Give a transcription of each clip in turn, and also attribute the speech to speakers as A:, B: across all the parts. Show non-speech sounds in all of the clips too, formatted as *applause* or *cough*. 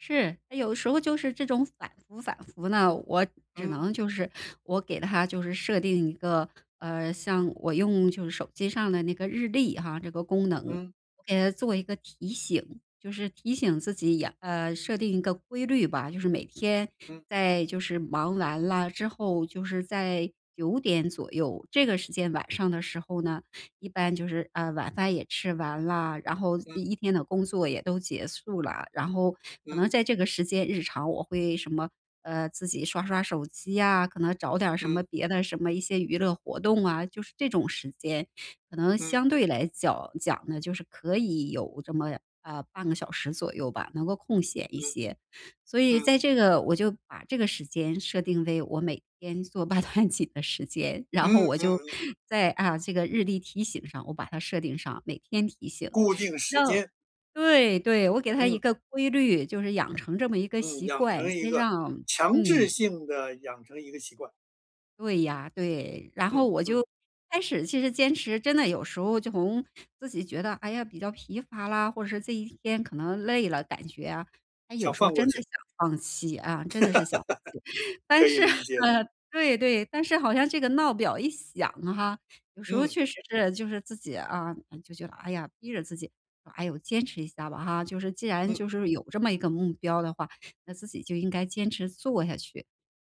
A: 是，诶，有的时候就是这种反复反复呢，我只
B: 嗯。
A: 能就是我给它就是设定一个，呃，像我用就是手机上的那个日历哈，这个功能，
B: 嗯。
A: 我给它做一个提醒，就是提醒自己也呃，设定一个规律吧。就是每天
B: 嗯。
A: 在就是忙完啦之后，就是在，9点左右，这个时间晚上的时候呢，一般就是，呃，晚饭也吃完啦，然后
B: 嗯。
A: 一一天的工作也都结束啦，然后可
B: 嗯。
A: 能在这个时间日常我会什么，呃，自己刷刷手机啊，可能找点儿什么
B: 嗯。
A: 别的什么一些娱乐活动啊。就是这种时间，可能
B: 嗯。
A: 相对来角讲呢，就是可以有这么，呃，半个小时左右吧，能够空闲一
B: 嗯，
A: 些。所以
B: 嗯。
A: 在这个，我就把这个时间设定为我每天做八段锦的时间，然
B: 嗯
A: 后
B: 嗯
A: 我
B: 嗯
A: 就，
B: 嗯。
A: 在，啊，这个日历提醒上，我把它设定上，每天提醒，
B: 固定
A: 直
B: 时
A: 到
B: 间。
A: 对对，我给它
B: 嗯。
A: 一个规律，就是养成这么一个
B: 嗯，
A: 习
B: 养
A: 惯，
B: 成一
A: 先
B: 个，
A: 让
B: 强制
A: 嗯。
B: 性地养成一个习惯。
A: 对呀，对，然后
B: 嗯
A: 我
B: 嗯。
A: 就开始其实坚持真的有时候就从自己觉得，哎呀，比较疲乏啦，或者是这一天可能累了，感觉啊，它有
B: 想
A: 时候
B: 放
A: 真
B: 过
A: 的
B: 去。
A: 想放弃，啊，真的是想放弃。
B: *giggles* 可
A: 但
B: 以
A: 是，
B: 理解。
A: 嗯，对对，但是好像这个闹表一响哈，有时候
B: 嗯。
A: 确实是就是自己啊，哎，就觉得，哎呀，逼着自己，唉呦，坚持一下吧哈，就是既然
B: 嗯。
A: 就是有这么一个目标的话，那自己就应该坚持做下去，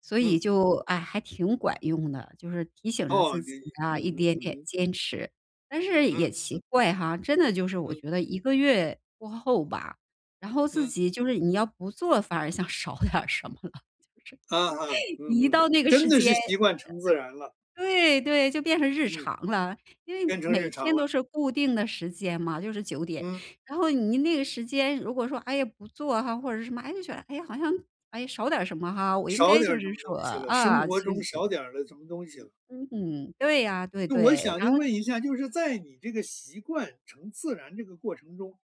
A: 所以
B: 嗯。
A: 就，哎，还挺管用的，就是提醒着
B: 哦，
A: 自
B: 你
A: 己
B: 你，
A: 啊，
B: 嗯
A: 一
B: 哼
A: 点一
B: 嗯
A: 点
B: 哼。
A: 坚持。但是也
B: 嗯嗯。
A: 奇怪哈，真的就是我
B: 嗯。
A: 觉得一个月过后吧，然后自
B: 嗯。
A: 己就是你要不做，反而像少点儿什么了，就是，
B: 嗯哼
A: *laughs*
B: 嗯
A: 一
B: 哼，
A: 到那个
B: 真
A: 时
B: 的
A: 间，
B: 是习惯成自然了。
A: 呃呃，对对，就变成日
B: 嗯。
A: 常了，因为
B: 变成
A: 每
B: 日常
A: 天都
B: 了。
A: 是固定的时间嘛，就是9点。
B: 嗯。
A: 然后你那个时间，如果说，哎呀，不做哈，或者是什么，诶，就觉得，哎呀，好像，诶，少点儿什么哈，我应
B: 少
A: 该
B: 点
A: 就
B: 儿什么
A: 是
B: 东
A: 说
B: 西了？生
A: 啊，
B: 活
A: 继续
B: 中
A: 做。
B: 少点儿了什么东西了。
A: 嗯。嗯哼，对啊，对
B: 那我
A: 对，
B: 想就
A: 然后
B: 问一下，就是在你这个习惯成自然这个过程中，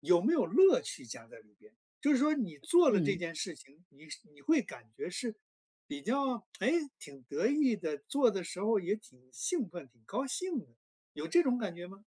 B: 有没有乐趣加在里边？就是说你做了这
A: 嗯。
B: 件事情，你是你会感觉是比较诶，挺得意的，做的时候也挺兴奋、挺高兴，有这种感觉吗？